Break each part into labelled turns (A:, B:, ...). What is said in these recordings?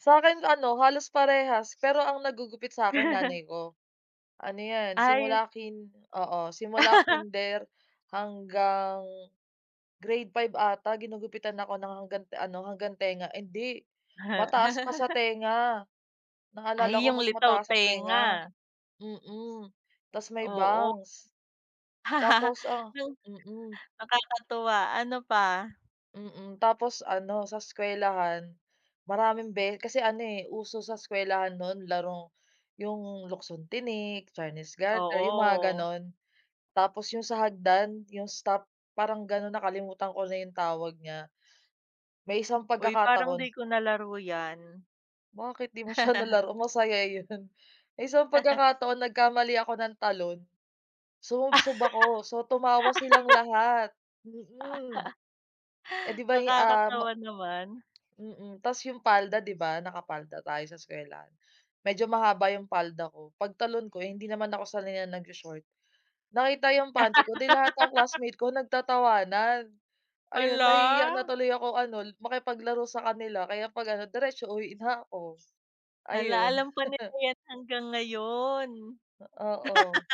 A: Sa'kin ano halos parehas pero ang naggugupit sa'kin nanay ko. Ano 'yan,
B: Ay.
A: simula kin oo, simula kinder hanggang grade 5 ata ginugupitan ako ng hanggant ano, hanggang tenga ay hindi mataas pa sa tenga. Naalala
B: Ay
A: ko
B: 'yung
A: mas
B: litaw
A: mataas sa tenga.
B: tenga.
A: Mm, tapos may
B: Oo.
A: bangs. Tapos ang
B: 'Yung
A: mm.
B: nakakatuwa, ano pa?
A: Mm, tapos ano sa eskuwelahan, maraming be kasi ano, eh, uso sa eskuwelahan noon larong 'yung, luksong-tinik, chinese garter, 'yung mga
B: Oo.
A: ganon. Tapos 'yung sa hagdan, 'yung stop parang gano'n, nakalimutan ko na 'yung tawag niya. May isang
B: Uy, parang
A: pagkakataon
B: 'di ko nalaro yan.
A: Bakit 'di mo siya nalaro? Masaya 'yun. May isang pagkakataon nagkamali ako ng talon, sumubsob ako so tumawa silang lahat mm. Eh, 'di ba'y, ah, m
B: Nakakatawa naman.
A: mm. Tapos 'yung palda 'di ba, nakapalda tayo sa eskuwelahan, medyo mahaba 'yung palda ko, pagtalon ko hindi naman ako sanay nag-sho-short nakita 'yung panty ko, 'di lahat ang classmate ko nagtatawanan. Ayun, nahihiya na
B: Hala.
A: tuloy ako ano l makipaglaro sa kanila, kaya 'pag ano diretso uwi na ako.
B: Hala,
A: Ayun.
B: alam pa nila 'yan hanggang ngayon.
A: Ah, oo.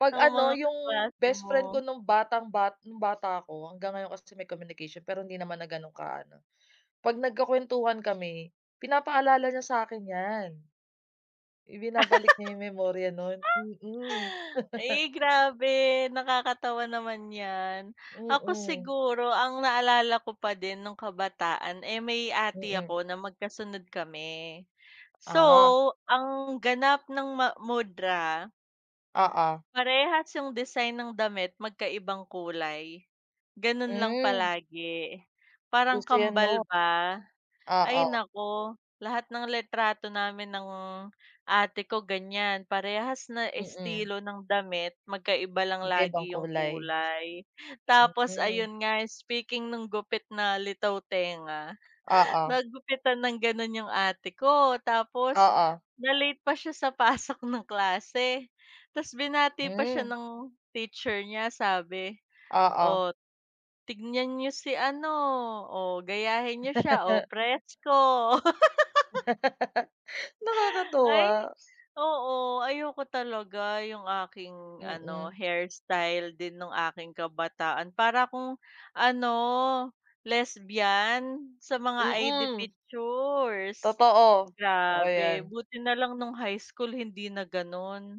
A: 'Pag
B: Ang
A: ano,
B: mga
A: 'yung
B: kaklase
A: best friend ko
B: mo.
A: nung batang ba nung bata ako hanggang ngayon kasi may communication pero hindi naman na gano'ng kaano, 'pag nagkukuwentuhan kami pinapaalala niya sakin 'yan. Ibinabalik niya 'yung memorya noon mm.
B: Eh, grabe nakakatawa naman 'yan. Ako
A: Mm.
B: siguro ang naalala ko pa din noong kabataan, eh, may ate
A: Mm.
B: ako na magkasunod kami. So,
A: Ah.
B: ang ganap ng ma mudra
A: Oo.
B: parehas 'yung design ng damit, magkaibang kulay. Ganon lang
A: Hmm.
B: palagi, parang
A: Uso yan
B: kambal
A: no?
B: ba? Ay,
A: Oo.
B: naku lahat ng litrato namin ng ate ko ganyan. Parehas na
A: Mm.
B: estilo ng damit, magkaiba lang
A: Magkaibang
B: lagi 'yung
A: kulay.
B: kulay. Tapos
A: Mm.
B: ayun nga, speaking nung gupit na litaw tenga,
A: Oo.
B: nagupitan ng ganon 'yung ate ko. Tapos
A: Oo.
B: na late pa siya sa pasok ng klase. Tapos binati pa siya
A: Hmm.
B: ng teacher niya sabi,
A: Oo.
B: "O, tignan niyo si ano, o gayahin niyo siya, o presko."
A: Nakakatuwa.
B: Ay, oo. Ayoko talaga 'yung aking ano,
A: Mm.
B: hairstyle din nang aking kabataan para akong ano, lesbian sa mga ID
A: Mm.
B: pictures,
A: Totoo, totoo
B: grabe
A: yan.
B: buti nalang nung high school hindi na ganon.